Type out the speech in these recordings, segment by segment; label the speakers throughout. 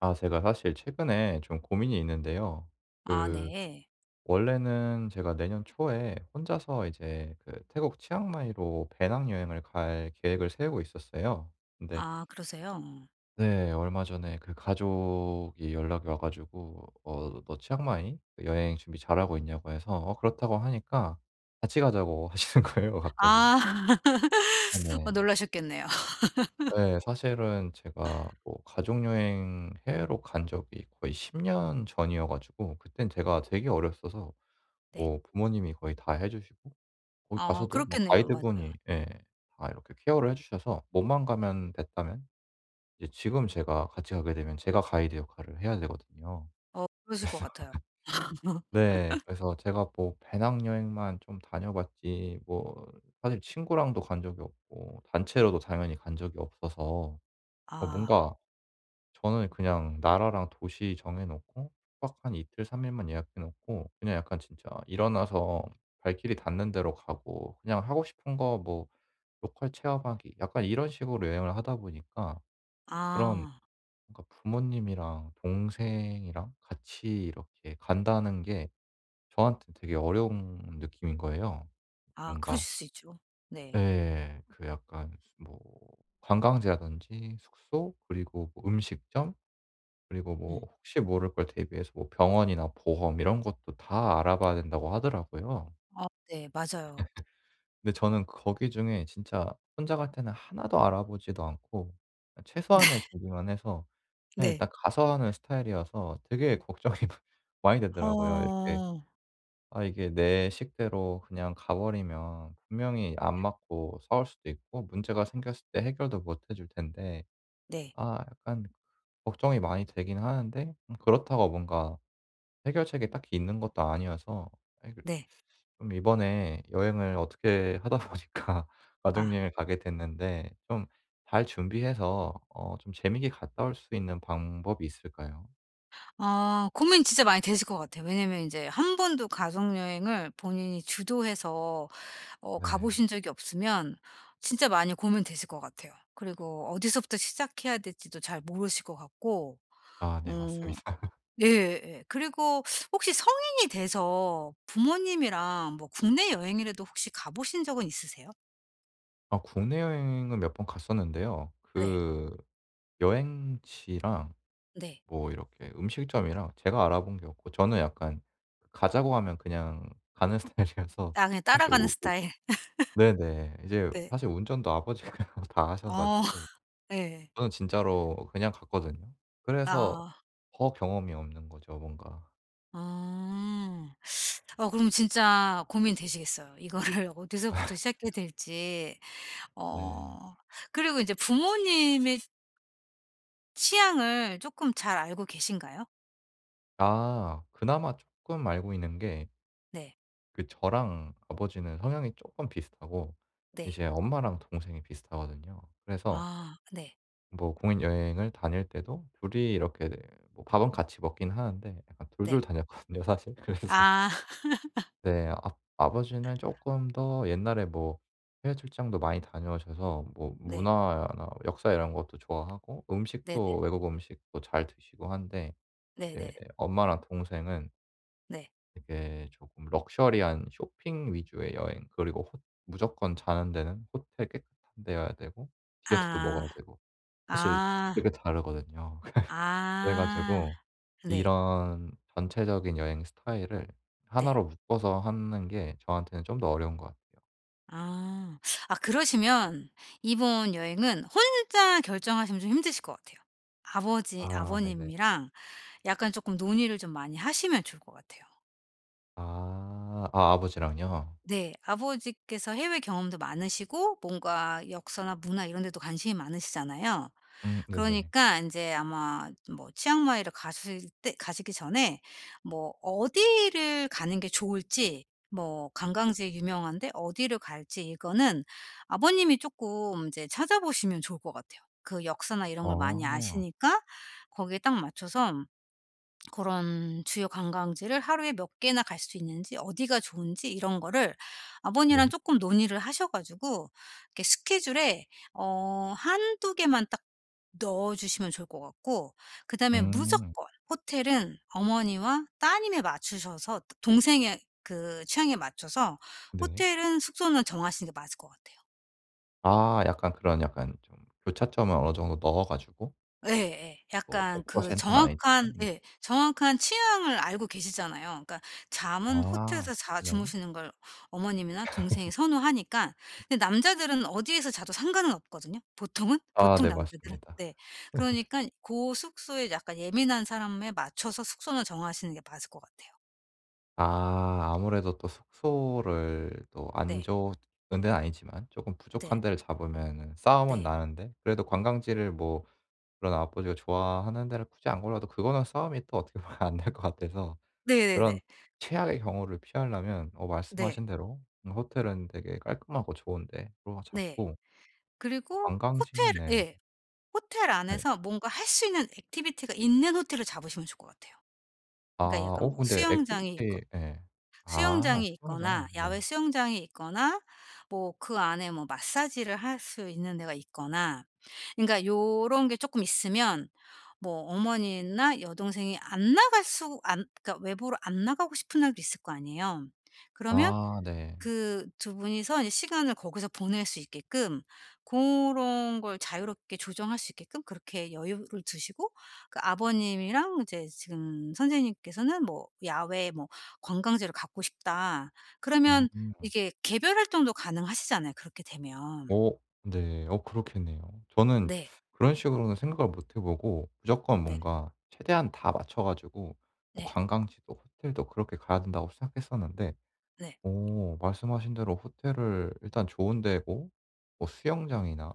Speaker 1: 아 제가 사실 최근에 좀 고민이 있는데요
Speaker 2: 아
Speaker 1: 그
Speaker 2: 네.
Speaker 1: 원래는 제가 내년 초에 혼자서 이제 그 태국 치앙마이로 배낭여행을 갈 계획을 세우고 있었어요. 근데
Speaker 2: 아 그러세요?
Speaker 1: 네. 얼마 전에 그 가족이 연락이 와 가지고 어 "너 치앙마이 여행 준비 잘하고 있냐."고 해서 어 "그렇다."고 하니까 "같이 가자."고 하시는 거예요 갑자기.
Speaker 2: 아
Speaker 1: 아
Speaker 2: 어
Speaker 1: 네.
Speaker 2: 놀라셨겠네요.
Speaker 1: 예. 사실은 제가 뭐 가족여행 해외로 간 적이 거의 10 년 전이어 가지고 그때는 제가 되게 어렸어서
Speaker 2: 네.
Speaker 1: 뭐 부모님이 거의 다 해 주시고 거기
Speaker 2: 아
Speaker 1: 가서도 뭐
Speaker 2: 그렇겠네요.
Speaker 1: 가이드분이
Speaker 2: 맞아요.
Speaker 1: 예 다 이렇게 케어를 해 주셔서 몸만 가면 됐다면 이제 지금 제가 같이 가게 되면 제가 가이드 역할을 해야 되거든요.
Speaker 2: 어 그러실 것 같아요.
Speaker 1: 그래서 네. 그래서 제가 뭐 배낭여행만 좀 다녀봤지 뭐 사실 친구랑도 간 적이 없고 단체로도 당연히 간 적이 없어서 어
Speaker 2: 아.
Speaker 1: 뭔가 저는 그냥 나라랑 도시 정해 놓고 숙박 한 이틀 3 일만 예약해 놓고 그냥 약간 진짜 일어나서 발길이 닿는 데로 가고 그냥 하고 싶은 거 뭐 로컬 체험하기 약간 이런 식으로 여행을 하다 보니까 그런
Speaker 2: 아.
Speaker 1: 그러니까 부모님이랑 동생이랑 같이 이렇게 간다는 게 저한테는 되게 어려운 느낌인 거예요
Speaker 2: 아
Speaker 1: 뭔가.
Speaker 2: 그러실 수 있죠. 네.
Speaker 1: 예. 그 약간 무슨 뭐 관광지라든지 숙소 그리고 뭐 음식점 그리고 뭐
Speaker 2: 음.
Speaker 1: 혹시 모를 걸 대비해서 뭐 병원이나 보험 이런 것도 다 알아봐야 된다고 하더라고요.
Speaker 2: 아 네. 맞아요.
Speaker 1: 근데 저는 거기 중에 진짜 혼자 갈 때는 1 도 알아보지도 않고
Speaker 2: 네.
Speaker 1: 최소한의 준비만 해서 그냥
Speaker 2: 네.
Speaker 1: 일단 가서 하는 스타일이어서 되게 걱정이 많 많이 되더라고요. 이렇게
Speaker 2: 어.
Speaker 1: 아 이게 내 식대로 그냥 가 버리면 분명히 안 맞고 싸울 수도 있고 문제가 생겼을 때 해결도 못 해 줄 텐데
Speaker 2: 네.
Speaker 1: 아 약간 걱정이 많이 되기는 하는데 음 그렇다고 뭔가 해결책이 딱히 있는 것도 아니어서 아니 그
Speaker 2: 네.
Speaker 1: 좀 이번에 여행을 어떻게 하다 보니까
Speaker 2: 아.
Speaker 1: 가족여행을 가게 됐는데 좀 잘 준비해서 어 좀 재밌게 갔다 올 수 있는 방법이 있을까요?
Speaker 2: 아 고민이 진짜 많이 되실 것 같아요. 왜냐하면 인제 1 번도 가족여행을 본인이 주도해서 어 가
Speaker 1: 네.
Speaker 2: 보신 적이 없으면 진짜 많이 고민되실 것 같아요. 그리고 어디서부터 시작해야 될지도 잘 모르실 것 같고
Speaker 1: 아 네.
Speaker 2: 오.
Speaker 1: 맞습니다.
Speaker 2: 예예 예. 그리고 혹시 성인이 돼서 부모님이랑 뭐 국내 여행이라도 혹시 가 보신 적은 있으세요?
Speaker 1: 아 국내여행은 몇 번 갔었는데요
Speaker 2: 네.
Speaker 1: 그 여행지랑
Speaker 2: 네.
Speaker 1: 뭐 이렇게 음식점이랑 제가 알아본 게 없고 저는 약간 가자고 하면 그냥 가는 스타일이라서
Speaker 2: 아 그냥
Speaker 1: 사실
Speaker 2: 따라가는
Speaker 1: 우 우
Speaker 2: 스타일.
Speaker 1: 네네. 이제
Speaker 2: 네.
Speaker 1: 사실 운전도 아버지가 다 하셔
Speaker 2: 아.
Speaker 1: 가지고
Speaker 2: 예.
Speaker 1: 저는 진짜로 그냥 갔거든요. 그래서
Speaker 2: 아.
Speaker 1: 더 경험이 없는 거죠 뭔가.
Speaker 2: 음. 어 그럼 진짜 고민되시겠어요. 이거를 어디서부터 시작해야 될지.
Speaker 1: 네.
Speaker 2: 어 그리고 이제 부모님의 취향을 쪼끔 잘 알고 계신가요?
Speaker 1: 아. 그나마 쪼끔 알고 있는 게
Speaker 2: 네.
Speaker 1: 그 저랑 아버지는 성향이 쪼끔 비슷하고
Speaker 2: 네.
Speaker 1: 이제 엄마랑 동생이 비슷하거든요. 그래서
Speaker 2: 아 네.
Speaker 1: 뭐 국내여행을 다닐 때도 2 이 이렇게 네 뭐 밥은 같이 먹긴 하는데 약간 2 2
Speaker 2: 네.
Speaker 1: 다녔거든요 사실. 그래서
Speaker 2: 아.
Speaker 1: 네. 압 아버지는 쪼끔 더 옛날에 뭐 해외 출장도 많이 다녀오셔서 뭐
Speaker 2: 네.
Speaker 1: 문화나 역사 이런 것도 좋아하고
Speaker 2: 네네.
Speaker 1: 음식도 외국 음식도 잘 드시고 한데 이제
Speaker 2: 네네.
Speaker 1: 엄마랑 동생은
Speaker 2: 네.
Speaker 1: 이게 조금 럭셔리한 쇼핑 위주의 여행 그리고 호 무조건 자는 데는 호텔 깨끗한 데여야 되고 디저트도
Speaker 2: 아.
Speaker 1: 먹어야 되고 사실
Speaker 2: 아.
Speaker 1: 되게 다르거든요. 그래 그래
Speaker 2: 아
Speaker 1: 가지고
Speaker 2: 네.
Speaker 1: 이런 전체적인 여행 스타일을
Speaker 2: 네.
Speaker 1: 하나로 묶어서 하는 게 저한테는 좀 더 어려운 것 같아요.
Speaker 2: 아. 아 그러시면 이번 여행은 혼자 결정하시면 좀 힘드실 것 같아요. 아버지
Speaker 1: 아 네네.
Speaker 2: 아버님이랑 약간 쪼끔 논의를 좀 많이 하시면 좋을 것 같아요.
Speaker 1: 아. 아 아버지랑요?
Speaker 2: 네. 아버지께서 해외 경험도 많으시고 뭔가 역사나 문화 이런 데도 관심이 많으시잖아요.
Speaker 1: 음 네네.
Speaker 2: 그러니까 인제 아마 뭐 치앙마이를 가실 때 가시기 전에 뭐 어디를 가는 게 좋을지 뭐 관광지에 유명한데 어디를 갈지 이거는 아버님이 쪼끔 인제 찾아보시면 좋을 것 같아요. 그 역사나 이런 걸 많이
Speaker 1: 아.
Speaker 2: 아시니까 거기에 딱 맞춰서 그런 주요 관광지를 하루에 몇 개나 갈 수 있는지 어디가 좋은지 이런 거를 아버님이랑
Speaker 1: 네.
Speaker 2: 쪼끔 논의를 하셔 가지고 이렇게 스케줄에 어 1-2 개만 딱 넣어 주시면 좋을 것 같고 그다음에
Speaker 1: 음.
Speaker 2: 무조건 호텔은 어머니와 따님에 맞추셔서 도 동생의 그 취향에 맞춰서
Speaker 1: 네.
Speaker 2: 호텔은 숙소는 정하시는 게 맞을 것 같아요.
Speaker 1: 아 약간 그런 약간 좀 교차점을 어느 정도 넣어 가지고?
Speaker 2: 예예.
Speaker 1: 뭐
Speaker 2: 약간
Speaker 1: 백
Speaker 2: 그
Speaker 1: 퍼센트 는 아니지만
Speaker 2: 정확한
Speaker 1: 네.
Speaker 2: 예. 정확한 취향을 알고 계시잖아요. 그러니까 잠은
Speaker 1: 아
Speaker 2: 호텔에서 자
Speaker 1: 네.
Speaker 2: 주무시는 걸 어머님이나 동생이 선호하니까 근데 남자들은 어디에서 자도 상관은 없거든요, 보통은
Speaker 1: 아
Speaker 2: 보통
Speaker 1: 네.
Speaker 2: 남자들은.
Speaker 1: 맞습니다.
Speaker 2: 네. 그러니깐 고 숙소에 약간 예민한 사람에 맞춰서 숙소는 정하시는 게 맞을 것 같아요.
Speaker 1: 아 아무래도 또 숙소를 또 안
Speaker 2: 네.
Speaker 1: 좋은 데는 아니지만 조금
Speaker 2: 네.
Speaker 1: 부족한 데를 잡으면은 싸움은
Speaker 2: 네.
Speaker 1: 나는데 그래도 관광지를 뭐 그런 아버지가 좋아하는 데를 굳이 안 골라도 그거는 싸움이 또 어떻게 보면 안 될 것 같아서
Speaker 2: 네네네.
Speaker 1: 그런 최악의 경우를 피하려면 어
Speaker 2: 네.
Speaker 1: 말씀하신 대로 음 호텔은 되게 깔끔하고 좋은 데로
Speaker 2: 네.
Speaker 1: 잡고
Speaker 2: 그리고 호텔
Speaker 1: 관광지는 네.
Speaker 2: 예. 호텔
Speaker 1: 네.
Speaker 2: 안에서 뭔가 할 수 있는 액티비티가 있는 호텔을 잡으시면 좋을 것 같아요.
Speaker 1: 아
Speaker 2: 그러니까 약간
Speaker 1: 어
Speaker 2: 뭐
Speaker 1: 근데
Speaker 2: 수영장이 있거
Speaker 1: 액티비티 예. 아
Speaker 2: 수영장이
Speaker 1: 수영장.
Speaker 2: 있거나
Speaker 1: 네.
Speaker 2: 야외 수영장이 있거나 뭐 그 안에 뭐 마사지를 할 수 있는 데가 있거나 그러니까 요런 게 쪼끔 있으면 뭐 어머니나 여동생이 안 나갈 수 안 그러니까 외부로 안 나가고 싶은 날도 있을 거 아니에요. 그러면
Speaker 1: 아 네.
Speaker 2: 그 2 분이서 이제 시간을 거기서 보낼 수 있게끔 고런 걸 자유롭게 조정할 수 있게끔 그렇게 여유를 두시고 그 아버님이랑 이제 지금 선생님께서는 뭐 '야외에 뭐 관광지를 가고 싶다.'
Speaker 1: 음.
Speaker 2: 그러면 이게 개별 활동도 가능하시잖아요 그렇게 되면.
Speaker 1: 어 네. 어 그렇겠네요. 저는
Speaker 2: 네.
Speaker 1: 그런 식으로는 생각을 못 해 보고 '무조건
Speaker 2: 네.
Speaker 1: 뭔가 최대한 다 맞춰 가지고 뭐
Speaker 2: 네.
Speaker 1: 관광지도 호텔도 그렇게 가야 된다.'고 생각했었는데
Speaker 2: 네.
Speaker 1: 어 말씀하신 대로 호텔을 일단 좋은 데고 뭐 수영장이나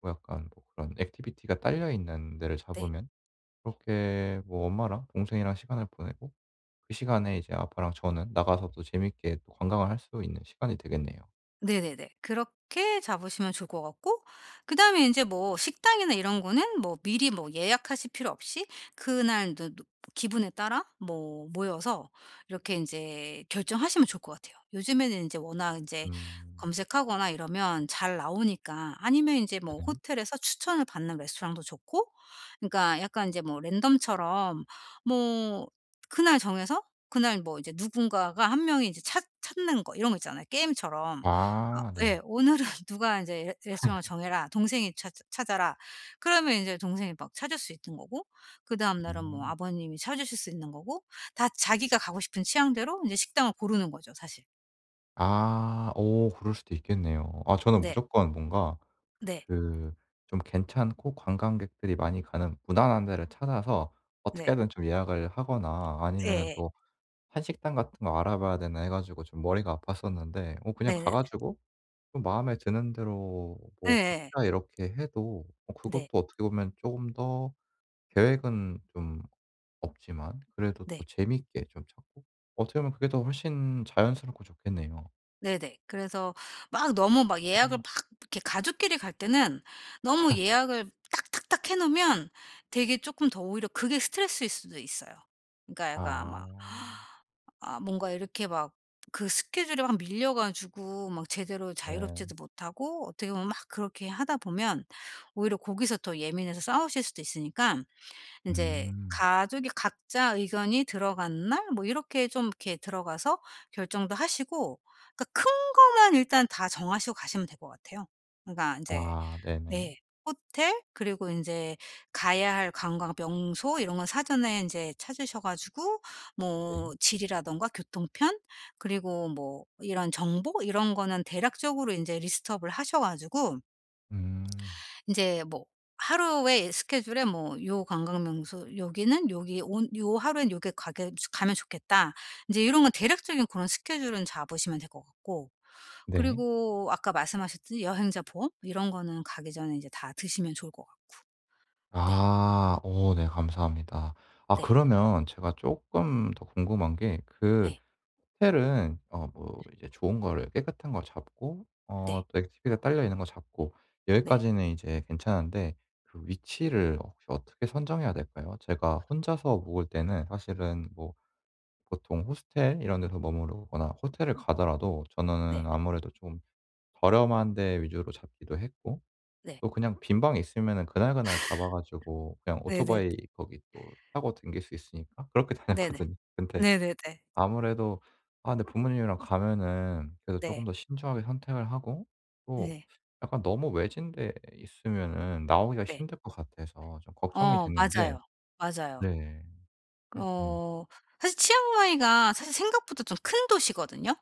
Speaker 1: 뭐 약간 뭐 그런 액티비티가 딸려 있는 데를
Speaker 2: 네.
Speaker 1: 잡으면 그렇게 뭐 엄마랑 동생이랑 시간을 보내고 그 시간에 이제 아빠랑 저는 나가서 또 재밌게 또 관광을 할 수 있는 시간이 되겠네요.
Speaker 2: 네네네. 그렇게 잡으시면 좋을 것 같고 그다음에 인제 뭐 식당이나 이런 거는 뭐 미리 뭐 예약하실 필요 없이 그날 저 노 기분에 따라 뭐 모여서 이렇게 인제 결정하시면 좋을 것 같아요. 요즘에는 인제 워낙 인제
Speaker 1: 음.
Speaker 2: 검색하거나 이러면 잘 나오니까 아니면 인제 뭐
Speaker 1: 네네.
Speaker 2: 호텔에서 추천을 받는 레스토랑도 좋고 그러니까 약간 인제 뭐 랜덤처럼 뭐 그날 정해서 그날 뭐 이제 누군가가 1 명이 인제 찾 찾는 거 이런 거 있잖아요 게임처럼. 아
Speaker 1: 아
Speaker 2: 예.
Speaker 1: 네.
Speaker 2: 오늘은 누가 인제 "레 레스토랑을 정해라. 동생이 찾 찾아라." 그러면 이제 동생이 막 찾을 수 있는 거고 그다음 날은 뭐
Speaker 1: 음.
Speaker 2: 아버님이 찾으실 수 있는 거고 다 자기가 가고 싶은 취향대로 인제 식당을 고르는 거죠 사실.
Speaker 1: 아 어 그럴 수도 있겠네요. 아 저는
Speaker 2: 네.
Speaker 1: 무조건 뭔가
Speaker 2: 네.
Speaker 1: 그 좀 괜찮고 관광객들이 많이 가는 무난한 데를 찾아서 어떻게
Speaker 2: 네.
Speaker 1: 하든 좀 예약을 하거나 아니면은
Speaker 2: 예예.
Speaker 1: 또 한식당 같은 거 알아봐야 되나 해 가지고 좀 머리가 아팠었는데 어 그냥 가
Speaker 2: 네네네.
Speaker 1: 가지고 좀 마음에 드는 대로 뭐
Speaker 2: 예예예.
Speaker 1: 각자 이렇게 해도 어 그것도
Speaker 2: 네.
Speaker 1: 어떻게 보면 쪼금 더 계획은 좀 없지만 그래도 더
Speaker 2: 네.
Speaker 1: 재밌게 좀 찾고 어떻게 보면 그게 더 훨씬 자연스럽고 좋겠네요.
Speaker 2: 네네. 그래서 막 너무 막 예약을
Speaker 1: 어.
Speaker 2: 막 이렇게 가족끼리 갈 때는 너무 예약을 딱 딱 딱 해 놓으면 되게 조금 더 오히려 그게 스트레스일 수도 있어요. 그러니까 약간 아마
Speaker 1: 아.
Speaker 2: 아 뭔가 이렇게 막 그 스케줄이 막 밀려 가지고 막 제대로
Speaker 1: 네.
Speaker 2: 자유롭지도 못하고 어떻게 보면 막 그렇게 하다 보면 오히려 거기서 더 예민해서 싸우실 수도 있으니깐 인제
Speaker 1: 음.
Speaker 2: 가족이 각자 의견이 들어간 날 뭐 이렇게 좀 이렇게 들어가서 결정도 하시고 그러니까 큰 거만 일단 다 정하시고 가시면 될 것 같아요. 그러니까 인제
Speaker 1: 아 네네.
Speaker 2: 네 호텔 그리고 인제 가야 할 관광 명소 이런 거 사전에 인제 찾으셔 가지고
Speaker 1: 네.
Speaker 2: 뭐 지리라든가 교통편 그리고 뭐 이런 정보 이런 거는 대략적으로 인제 리스트 업을 하셔 가지고
Speaker 1: 음.
Speaker 2: 인제 뭐 하루에 스케줄에 뭐 요 관광명소 여기는 요기 온 요 하루에 요게 가게 가면 좋겠다. 인제 요런 건 대략적인 그런 스케줄은 잡으시면 될 것 같고.
Speaker 1: 네.
Speaker 2: 그리고 아까 말씀하셨듯이 여행자 보험 이런 거는 가기 전에 인제 다 드시면 좋을 것 같고. 네.
Speaker 1: 아. 어 네 감사합니다. 아
Speaker 2: 네.
Speaker 1: 그러면 제가 쪼끔 더 궁금한 게 그
Speaker 2: 네.
Speaker 1: 호텔은 어 뭐
Speaker 2: 예.
Speaker 1: 이제 좋은 거를 깨끗한 걸 잡고 어
Speaker 2: 네.
Speaker 1: 액티비티가 딸려 있는 거 잡고
Speaker 2: 네.
Speaker 1: 여기까지는 이제 괜찮은데 그 위치를 혹시 어떻게 선정해야 될까요? 제가 혼자서 묵을 때는 사실은 뭐 보통 호스텔 이런 데서 머무르거나 호텔을 가더라도 저는
Speaker 2: 네.
Speaker 1: 아무래도 좀 저렴한 데 위주로 잡기도 했고
Speaker 2: 네.
Speaker 1: 또 그냥 빈 방이 있으면은 그날 그날 잡아 가지고 그냥
Speaker 2: 네네.
Speaker 1: 오토바이 거기 또 타고 다닐 수 있으니까 그렇게
Speaker 2: 네네.
Speaker 1: 다녔거든요. 근데
Speaker 2: 네네네.
Speaker 1: 아무래도 아 근데 부모님이랑 가면은 그래도 조금
Speaker 2: 네.
Speaker 1: 더 신중하게 선택을 하고 또
Speaker 2: 네.
Speaker 1: 약간 너무 외진 데 있으면은 나오기가
Speaker 2: 네.
Speaker 1: 힘들 것 같아서 좀 걱정이
Speaker 2: 어
Speaker 1: 됐는데.
Speaker 2: 맞아요. 맞아요.
Speaker 1: 네. 네 네.
Speaker 2: 어 사실 치앙마이가 사실 생각보다 좀 큰 도시거든요.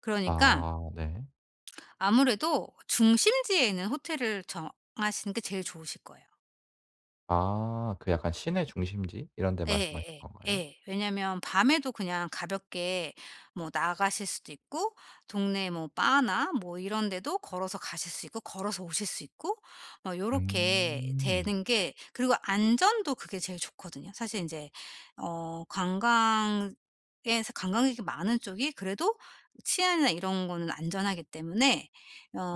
Speaker 2: 그러니까
Speaker 1: 아 네.
Speaker 2: 아무래도 중심지에 있는 호텔을 정하시는 게 제일 좋으실 거예요.
Speaker 1: 아 그 약간 시내 중심지 이런 데 말씀하시는
Speaker 2: 예예예.
Speaker 1: 건가요?
Speaker 2: 예. 왜냐하면 밤에도 그냥 가볍게 뭐 나가실 수도 있고 동네 뭐 바나 뭐 이런 데도 걸어서 가실 수 있고 걸어서 오실 수 있고 뭐 요렇게
Speaker 1: 음.
Speaker 2: 되는 게 그리고 안전도 그게 제일 좋거든요. 사실 인제 어 관광에서 관광객이 많은 쪽이 그래도 치안이나 이런 거는 안전하기 때문에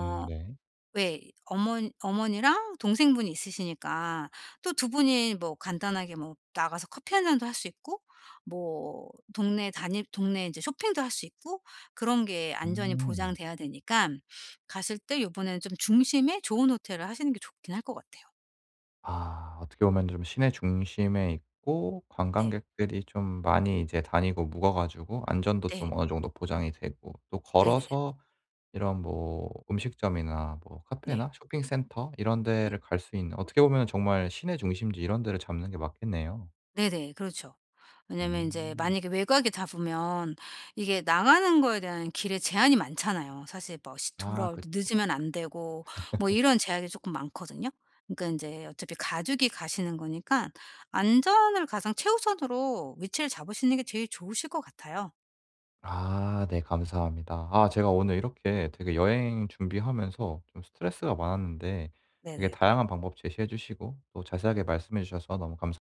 Speaker 1: 음 네.
Speaker 2: 왜 어머 어머니랑 동생분이 있으시니까 또 2 분이 뭐 간단하게 뭐 나가서 커피 1 잔도 할 수 있고 뭐 동네 다닐 동네 이제 쇼핑도 할 수 있고 그런 게 안전이
Speaker 1: 음.
Speaker 2: 보장돼야 되니깐 가실 때 요번에는 좀 중심에 좋은 호텔을 하시는 게 좋기는 할 것 같아요.
Speaker 1: 아 어떻게 보면 좀 시내 중심에 있고
Speaker 2: 네.
Speaker 1: 관광객들이 좀 많이 이제 다니고 묵어 가지고 안전도
Speaker 2: 네.
Speaker 1: 좀 어느 정도 보장이 되고 또
Speaker 2: 네네.
Speaker 1: 걸어서 이런 뭐 음식점이나 뭐
Speaker 2: 네.
Speaker 1: 카페나 쇼핑센터 이런
Speaker 2: 네.
Speaker 1: 데를 갈 수 있는 어떻게 보면 정말 시내 중심지 이런 데를 잡는 게 맞겠네요.
Speaker 2: 네네 그렇죠. 왜냐하면 인제
Speaker 1: 음.
Speaker 2: 만약에 외곽에 잡으면 이게 나가는 거에 대한 길에 제한이 많잖아요. 사실 뭐 시
Speaker 1: 아
Speaker 2: 돌아올
Speaker 1: 그쵸.
Speaker 2: 때 늦으면 안 되고 뭐 이런 제약이 쪼끔 많거든요. 그러니까 인제 어차피 가족이 가시는 거니까 안전을 가장 최우선으로 위치를 잡으시는 게 제일 좋으실 것 같아요.
Speaker 1: 아 네 감사합니다. 아 제가 오늘 이렇게 되게 여행 준비하면서 좀 스트레스가 많았는데 되게
Speaker 2: 네네.
Speaker 1: 다양한 방법 제시해 주시고 또 자세하게 말씀해 주셔서 너무 감사